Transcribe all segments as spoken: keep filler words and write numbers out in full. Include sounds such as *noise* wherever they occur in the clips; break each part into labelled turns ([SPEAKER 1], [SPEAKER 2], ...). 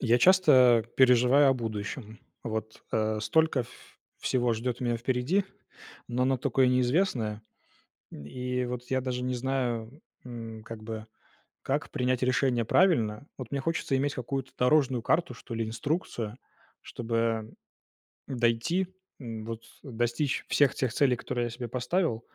[SPEAKER 1] Я часто переживаю о будущем. Вот, а, столько ф всего ждет меня впереди, но оно такое неизвестное, и вот, я даже не знаю, м, как-бы как принять решение правильно. Вот мне хочется иметь какую-то дорожную карту, что ли, инструкцию, чтобы дойти, вот достичь всех тех целей, которые я себе поставил,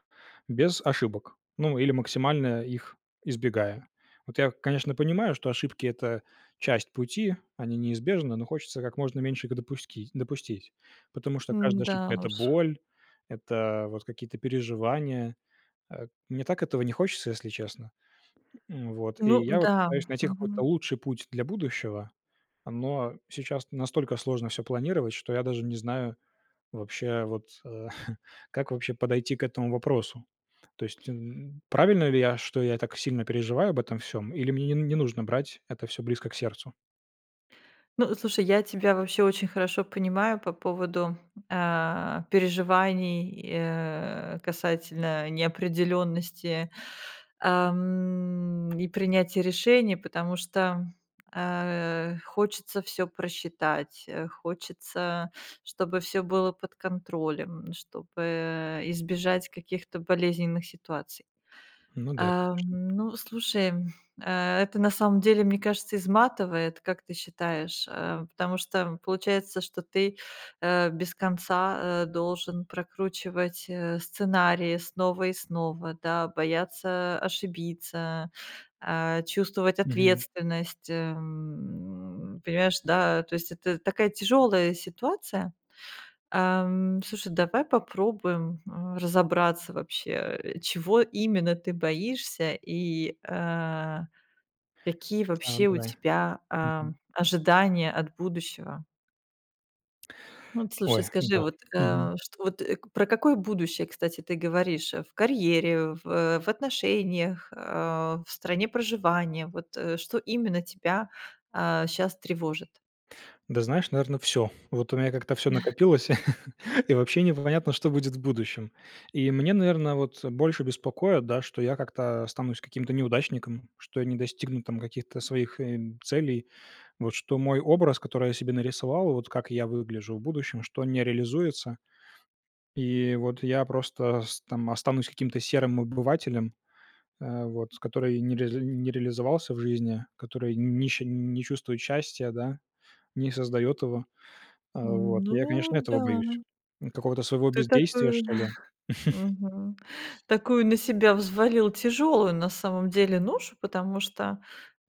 [SPEAKER 1] без ошибок, ну, или максимально их избегая. Вот я, конечно, понимаю, что ошибки- это часть пути, они неизбежны, но хочется как можно меньше их допускить допустить. Потому что каждая
[SPEAKER 2] М-да
[SPEAKER 1] ошибка- это
[SPEAKER 2] уж.
[SPEAKER 1] боль, это вот какие-то переживания, э. Мне так этого не хочется, если честно. Вот и
[SPEAKER 2] Ну
[SPEAKER 1] я вот
[SPEAKER 2] да,
[SPEAKER 1] пытаюсь найти какой-то
[SPEAKER 2] мгм.
[SPEAKER 1] лучший путь для будущего, но сейчас настолько сложно всё планировать, что я даже не знаю, вообще, вот *chuckles* как вообще подойти к этому вопросу. То есть, м, правильно ли я, что я так сильно переживаю об этом всём, или мне н не нужно брать это всё близко к сердцу?
[SPEAKER 2] Ну, слушай, я тебя вообще очень хорошо понимаю по поводу, а, переживаний и, э, касательно неопределенности, ам, и принятия решений, потому что, а, хочется всё просчитать, э, хочется, чтобы всё было под контролем, чтобы, э, избежать каких-то болезненных ситуаций.
[SPEAKER 1] Ну да,
[SPEAKER 2] Ам,
[SPEAKER 1] конечно.
[SPEAKER 2] ну, слушай, это на самом деле, мне кажется, изматывает, как ты считаешь, а, потому что, м, получается, что ты, а, без конца, а, должен прокручивать, э, сценарии снова и снова, да, бояться ошибиться, а, чувствовать
[SPEAKER 1] Мгм.
[SPEAKER 2] ответственность, эм, понимаешь, да? То есть это такая тяжёлая ситуация. Ам, слушай, давай попробуем, а, разобраться вообще, э, чего именно ты боишься, и, а, какие
[SPEAKER 1] Да,
[SPEAKER 2] вообще у
[SPEAKER 1] давай.
[SPEAKER 2] тебя, а,
[SPEAKER 1] Мгм.
[SPEAKER 2] ожидания от будущего? Вот, слушай,
[SPEAKER 1] Ой,
[SPEAKER 2] скажи,
[SPEAKER 1] да,
[SPEAKER 2] вот,
[SPEAKER 1] мгм.
[SPEAKER 2] э, что вот, э, про какое будущее, кстати, ты говоришь в карьере, в, э, в отношениях, а, в стране проживания? Вот, э, что именно тебя, а, щас тревожит?
[SPEAKER 1] Да, знаешь, наверно, всё. Вот у меня как-то всё
[SPEAKER 2] *chuckles*
[SPEAKER 1] накопилось, *laughs* и вообще непонятно, что будет в будущем. И мне, наверно, вот больше беспокоит, да, что я как-то останусь каким-то неудачником, что я не достигну там каких-то своих, э, целей. Вот что мой образ, который я себе нарисовал, вот как я выгляжу в будущем, что он не реализуется, и вот я просто с там останусь каким-то серым обывателем, э, вот, который не ре не реализовался в жизни, который не ще не чувствует счастья, да, не создает его. А, вот, я, конечно,
[SPEAKER 2] Ну
[SPEAKER 1] этого боюсь,
[SPEAKER 2] да.
[SPEAKER 1] какого-то своего
[SPEAKER 2] Ты
[SPEAKER 1] бездействия,
[SPEAKER 2] такую
[SPEAKER 1] что ли.
[SPEAKER 2] *chuckles*
[SPEAKER 1] *chuckles*
[SPEAKER 2] мгм, такую на себя взвалил тяжелую, на самом деле, ношу, потому что,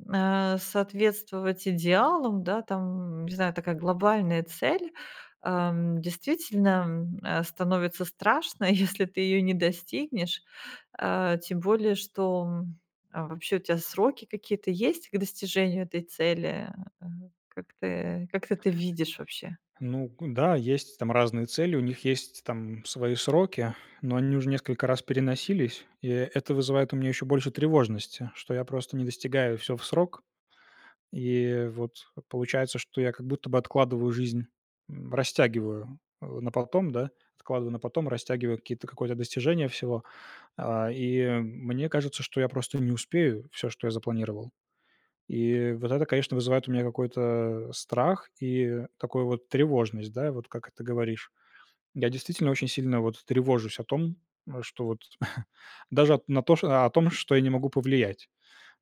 [SPEAKER 2] а, соответствовать идеалам, да, там, не знаю, такая глобальная цель, ам, действительно, м, э, становится страшно, если ты ее не достигнешь, э, тем более, что, м Вообще у тебя сроки какие-то есть к достижению этой цели, э, как ты как ты это видишь вообще?
[SPEAKER 1] Ну к да, есть там разные цели, у них есть там свои сроки, но они уже несколько раз переносились, и это вызывает у меня еще больше тревожности, что я просто не достигаю всё в срок, и вот, получается, что я как будто бы откладываю жизнь, м, растягиваю, э, на потом, да, откладываю на потом, растягиваю какие-то какое-то достижения всего, а, и мне кажется, что я просто не успею всё, что я запланировал. И вот это, конечно, вызывает у меня какой-то страх и такую вот тревожность, да, вот как это говоришь. Я действительно очень сильно вот тревожусь о том, что вот, *chuckles* даже на о том, что я не могу повлиять.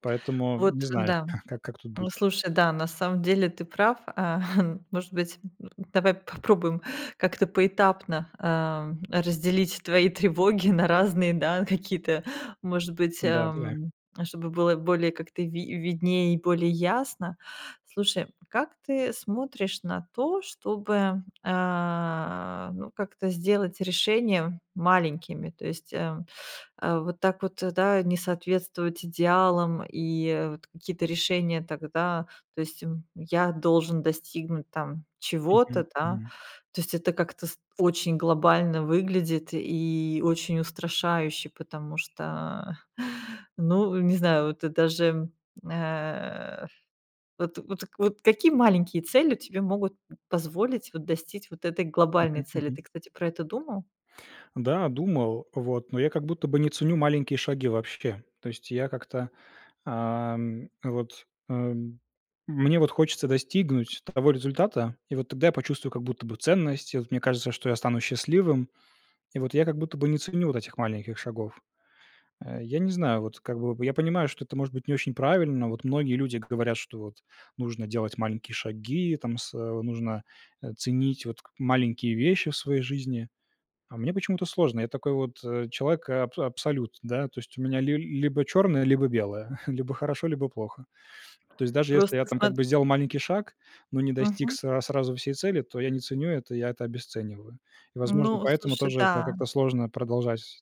[SPEAKER 1] Поэтому
[SPEAKER 2] Вот,
[SPEAKER 1] не знаю,
[SPEAKER 2] да.
[SPEAKER 1] как как тут
[SPEAKER 2] Ну,
[SPEAKER 1] быть.
[SPEAKER 2] слушай, да, на самом деле, ты прав, а, хм, может быть, *grunts* давай попробуем как-то поэтапно, эм, разделить твои тревоги на разные, да, какие-то, может быть,
[SPEAKER 1] Да, давай.
[SPEAKER 2] эм, чтобы было более, как-то, ви виднее и более ясно. Слушай, как ты смотришь на то, чтобы, а, ну, как-то сделать решение маленькими, то есть, э, *sucks teeth* вот так вот, да, не соответствовать идеалам, и вот какие-то решения тогда, то есть, м, "я должен достигнуть, там, чего-то",
[SPEAKER 1] Мгм,
[SPEAKER 2] да,
[SPEAKER 1] мгм.
[SPEAKER 2] то есть это как-то с очень глобально выглядит и очень устрашающе, потому что, *chuckles* ну, не знаю, вот ты даже, э Вот вот вот какие маленькие цели тебе могут позволить, вот, достить вот этой глобальной
[SPEAKER 1] Мгм,
[SPEAKER 2] цели?
[SPEAKER 1] мгм.
[SPEAKER 2] Ты, кстати, про это думал?
[SPEAKER 1] Да, думал, вот, но я как будто бы не ценю маленькие шаги вообще. То есть я как-то, ам, вот, эм, мне вот хочется достигнуть того результата, и вот тогда я почувствую как будто бы ценность, и вот мне кажется, что я стану счастливым, и вот я как будто бы не ценю вот этих маленьких шагов. Э, я не знаю, вот как бы я понимаю, что это, может быть, не очень правильно, вот многие люди говорят, что вот нужно делать маленькие шаги, там сэ нужно, э, ценить вот к маленькие вещи в своей жизни. А мне почему-то сложно. Я такой вот человек аб абсолют, да. То есть у меня ли либо черное, либо белое. *chuckles* Либо хорошо, либо плохо. То есть даже если
[SPEAKER 2] Просто
[SPEAKER 1] я там, как
[SPEAKER 2] смот
[SPEAKER 1] бы, сделал маленький шаг, но не достиг
[SPEAKER 2] Мгм.
[SPEAKER 1] сра сразу всей цели, то я не ценю это, я это обесцениваю. И, возможно,
[SPEAKER 2] Ну,
[SPEAKER 1] поэтому
[SPEAKER 2] слушай,
[SPEAKER 1] тоже, да,
[SPEAKER 2] да.
[SPEAKER 1] как-то сложно продолжать сз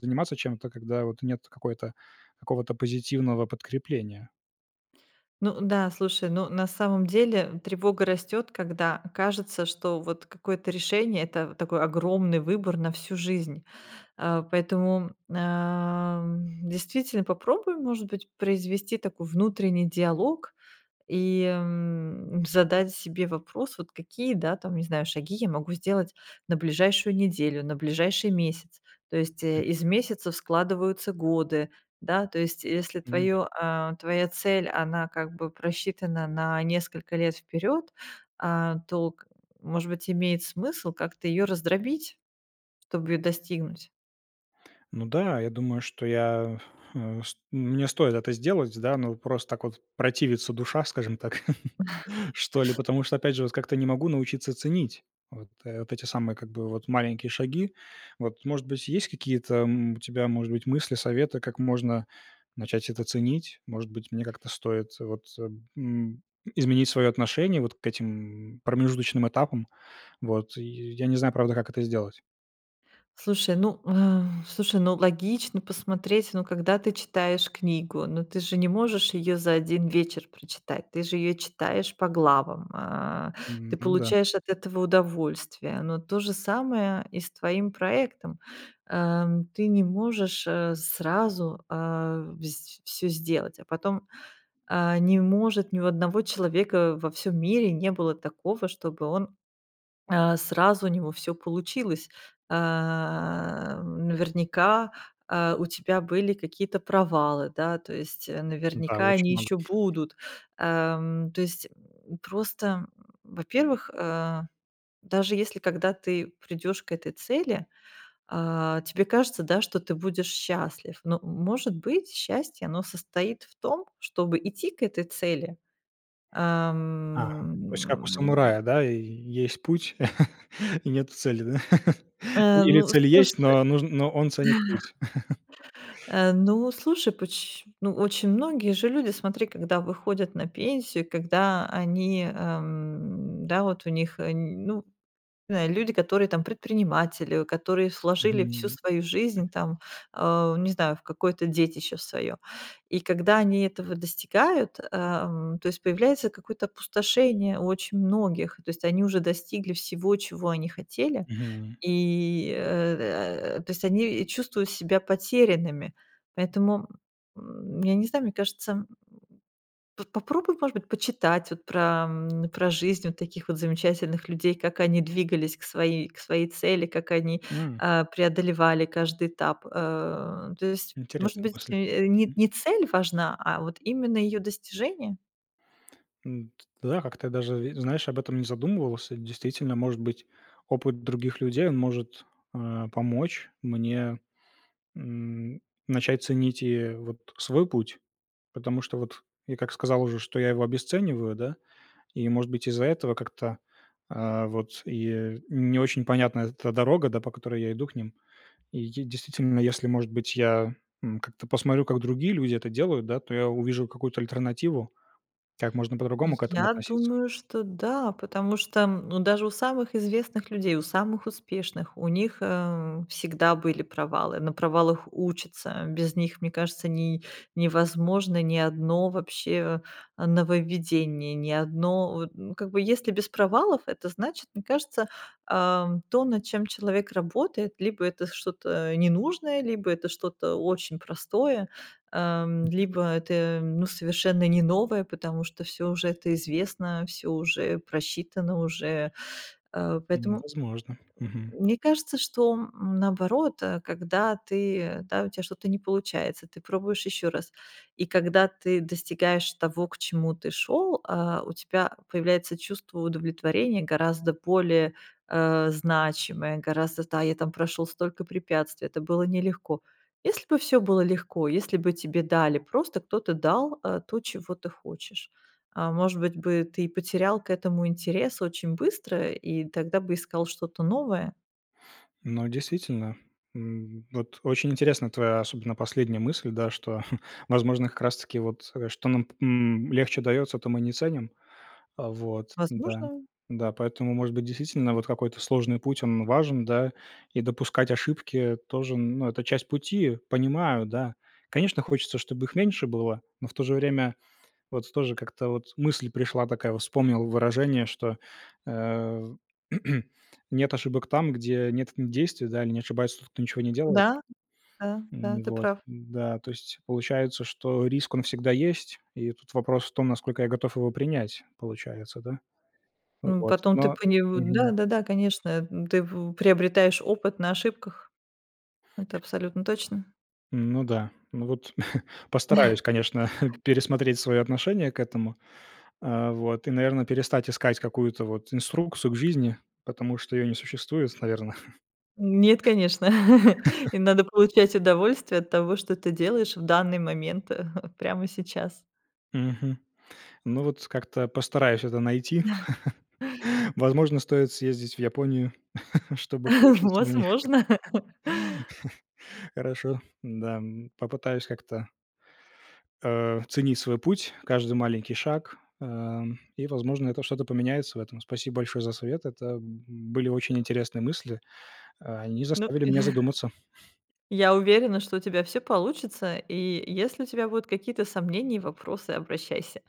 [SPEAKER 1] заниматься чем-то, когда вот нет какой-то какого-то позитивного подкрепления.
[SPEAKER 2] Ну да, слушай, ну, на самом деле, тревога растёт, когда кажется, что вот какое-то решение- это в такой огромный выбор на всю жизнь. А, поэтому, ам, действительно попробуй, может быть, произвести такой внутренний диалог и, м, задать себе вопрос вот: "Какие, да, там, не знаю, шаги я могу сделать на ближайшую неделю, на ближайший месяц?" То есть, э,
[SPEAKER 1] Мгм.
[SPEAKER 2] из месяцев складываются годы. Да, то есть если
[SPEAKER 1] Ну да.
[SPEAKER 2] твоё, а, твоя цель она как бы просчитана на несколько лет вперед, а, то к, может быть, имеет смысл как-то ее раздробить, чтобы ее достигнуть?
[SPEAKER 1] Ну да, я думаю, что я, э, ст мне стоит это сделать, да, но, просто так вот противится душа, скажем так, *chuckles*
[SPEAKER 2] *chuckles*
[SPEAKER 1] что ли, потому что, опять же, вот как-то не могу научиться ценить вот вот эти самые как бы, вот маленькие шаги. Вот, может быть, есть какие-то, м, у тебя, может быть, мысли, советы, как можно начать это ценить? Может быть, мне как-то стоит вот, м, изменить свое отношение вот к этим промежуточным этапам, вот и, я не знаю, правда, как это сделать.
[SPEAKER 2] Слушай, ну, *exhales* слушай, ну, логично посмотреть, ну, когда ты читаешь книгу, ну, ты же не можешь её за один вечер прочитать, ты же её читаешь по главам, а,
[SPEAKER 1] М,
[SPEAKER 2] ты
[SPEAKER 1] ну да.
[SPEAKER 2] получаешь от этого удовольствие. Но то же самое и с твоим проектом. Ам, ты не можешь, э, сразу, а, вс всё сделать, а потом, а, не может ни у одного человека во всём мире не было такого, чтобы он, а, сразу у него всё получилось. Ам, наверняка, а, у тебя были какие-то провалы, да, то есть, э,
[SPEAKER 1] Да,
[SPEAKER 2] наверняка, они
[SPEAKER 1] очень много.
[SPEAKER 2] ещё будут. Ам, то есть, м, просто, м, во-первых, э, даже если, когда ты придешь к этой цели, а, тебе кажется, да, что ты будешь счастлив. Но, может быть, счастье, оно состоит в том, чтобы идти к этой цели,
[SPEAKER 1] Ага, то есть как у
[SPEAKER 2] ам.
[SPEAKER 1] самурая, да? Есть путь *chuckles* и нету цели, да. *laughs*
[SPEAKER 2] Э,
[SPEAKER 1] Или
[SPEAKER 2] ну,
[SPEAKER 1] цель
[SPEAKER 2] слуша
[SPEAKER 1] есть, но нуж но он ценит путь. *chuckles*
[SPEAKER 2] *chuckles* Э, ну, слушай поч ну, очень многие же люди, смотри, когда выходят на пенсию, когда они, эм, да, вот у них, э, ну, знаю. Люди, которые там предприниматели, которые вложили всю
[SPEAKER 1] Мгм.
[SPEAKER 2] свою жизнь там, а, не знаю, в какое-то детище свое. И когда они этого достигают, ам, то есть появляется какое-то опустошение очень у многих, то есть они уже достигли всего, чего они хотели,
[SPEAKER 1] Мгм.
[SPEAKER 2] и, э э, то есть они чувствуют себя потерянными. Поэтому, м, я не знаю, мне кажется, м. П попробуй, может быть, почитать вот про, м, про жизнь таких вот замечательных людей, как они двигались к своей к своей цели, как они,
[SPEAKER 1] М.
[SPEAKER 2] а, преодолевали каждый этап. Э, то есть, может
[SPEAKER 1] Интересна
[SPEAKER 2] быть,
[SPEAKER 1] мысль.
[SPEAKER 2] э, ни
[SPEAKER 1] М.
[SPEAKER 2] ни цель важна, а вот именно ее достижение?
[SPEAKER 1] М, да, я как-то даже и, знаешь, об этом не задумывался. Действительно, может быть, опыт других людей он может, а, помочь мне, м, начать ценить и вот свой путь, потому что вот я, как сказал уже, что я его обесцениваю, да, и, может быть, из-за этого как-то, а, вот и не очень понятна эта дорога, да, по которой я иду к ним. И я действительно, если, может быть, я, м, как-то посмотрю, как другие люди это делают, да, то я увижу какую-то альтернативу, как можно по-другому к этому
[SPEAKER 2] Я
[SPEAKER 1] относиться.
[SPEAKER 2] думаю, что да, потому что, м, ну, даже у самых известных людей, у самых успешных, у них, эм, всегда были провалы. На провалах учатся. Без них, мне кажется, не невозможно ни одно вообще, э, нововведение. Ни одно вот, ну, как бы если без провалов, это значит, мне кажется, ам, то, над чем человек работает, либо это что-то ненужное, либо это что-то очень простое, ам, либо это, м, ну, совершенно не новое, потому что всё уже это известно, всё уже просчитано уже. А,
[SPEAKER 1] М,
[SPEAKER 2] поэтому
[SPEAKER 1] возможно, мгм.
[SPEAKER 2] мне кажется, что, м, наоборот, э, когда ты да, у тебя что-то не получается, ты пробуешь ещё раз. И когда ты достигаешь того, к чему ты шел, а, у тебя появляется чувство удовлетворения, гораздо более, э, значимое, гораздо, да, я там прошел столько препятствий, это было нелегко. Если бы всё было легко, если бы тебе дали, просто кто-то дал, э, то, чего ты хочешь, а, может быть бы, ты потерял к этому интерес очень быстро и тогда бы искал что-то новое?
[SPEAKER 1] Ну, действительно, м, вот очень интересна твоя, особенно, последняя мысль, да. Что, *chuckles* возможно, как раз таки, вот, э, что нам п м, легче дается, то мы не ценим. А вот, да.
[SPEAKER 2] Возможно.
[SPEAKER 1] Да, поэтому, может быть, действительно вот какой-то сложный путь- он важен, да, и допускать ошибки тоже, ну, это часть пути. Понимаю, да. Конечно, хочется, чтобы их меньше было, но в то же время вот тоже как-то вот мысль пришла такая. Вот вспомнил выражение, что, э, *clears throat* нет ошибок там, где нет действий, да? Или не ошибается тот, кто ничего не делает.
[SPEAKER 2] Да, да, да,
[SPEAKER 1] М,
[SPEAKER 2] ты
[SPEAKER 1] вот.
[SPEAKER 2] прав.
[SPEAKER 1] Н-да, то есть получается, что риск, он всегда есть, и тут вопрос в том, насколько я готов его принять, получается, да? А
[SPEAKER 2] М,
[SPEAKER 1] вот,
[SPEAKER 2] потом ты
[SPEAKER 1] но
[SPEAKER 2] понев
[SPEAKER 1] Мгм.
[SPEAKER 2] да-да-да, конечно. М, ты в у приобретаешь опыт на ошибках, это абсолютно точно.
[SPEAKER 1] Ну да, ну, вот *chuckles* постараюсь, конечно, *chuckles*
[SPEAKER 2] *chuckles*
[SPEAKER 1] пересмотреть свое отношение к этому. А вот и, наверно, перестать искать какую-то вот инструкцию к жизни, потому что её не существует, наверно.
[SPEAKER 2] Нет, конечно. *chuckles* Им надо получать
[SPEAKER 1] *chuckles* *coughs*
[SPEAKER 2] удовольствие от того, что ты делаешь в данный момент, *chuckles* прямо сейчас.
[SPEAKER 1] Мгм. Ну, вот как-то постараюсь это найти.
[SPEAKER 2] *chuckles*
[SPEAKER 1] *laughs* Возможно, стоит съездить в Японию, *chuckles* чтобы
[SPEAKER 2] *chuckles*
[SPEAKER 1] получиться у них.
[SPEAKER 2] Возможно. *laughs*
[SPEAKER 1] *chuckles* Хорошо. Да, м. Попытаюсь как-то а, ценить свой путь, каждый маленький шаг, ам, и, возможно, это что-то поменяется в этом. Спасибо большое за совет. Это, м, были очень интересные мысли, а, они
[SPEAKER 2] Ну
[SPEAKER 1] заставили меня
[SPEAKER 2] *chuckles*
[SPEAKER 1] задуматься.
[SPEAKER 2] Я уверена, что у тебя всё получится, и если у тебя будут какие-то сомнения и вопросы, обращайся.